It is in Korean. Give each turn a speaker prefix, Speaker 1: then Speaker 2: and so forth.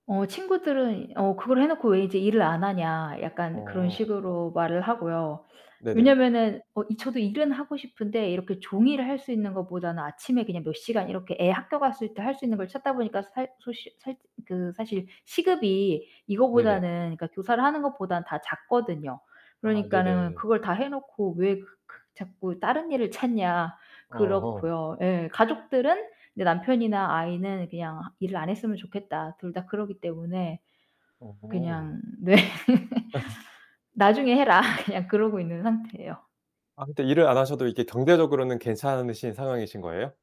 Speaker 1: 어 친구들은 어 "그걸 해 놓고 왜 이제 일을 안 하냐." 약간 그런
Speaker 2: 어.
Speaker 1: 식으로 말을 하고요.
Speaker 2: 네네.
Speaker 1: 왜냐면은 어 이 저도 일은 하고 싶은데 이렇게 종일 할 수 있는 것보다는 아침에 그냥 몇 시간 이렇게 애 학교 갔을 때 할 수 있는 걸 찾다 보니까 살 소식 살 그 사실 시급이
Speaker 2: 네네.
Speaker 1: 이거보다는 그니까 교사를 하는 것보다는 다 작거든요.
Speaker 2: 아
Speaker 1: 그러니까는
Speaker 2: 네네.
Speaker 1: "그걸 다 해 놓고 왜 그 그 자꾸 다른 일을 찾냐."
Speaker 2: 아 어.
Speaker 1: 그렇고요. 예 가족들은 네 남편이나 아이는 "그냥 일을 안 했으면 좋겠다." 둘 다 그러기 때문에.
Speaker 2: 어.
Speaker 1: 그냥 네. "나중에 해라." 그냥 그러고 있는 상태예요.
Speaker 2: 아 근데 일을 안 하셔도 이게 경제적으로는 괜찮으신 상황이신 거예요?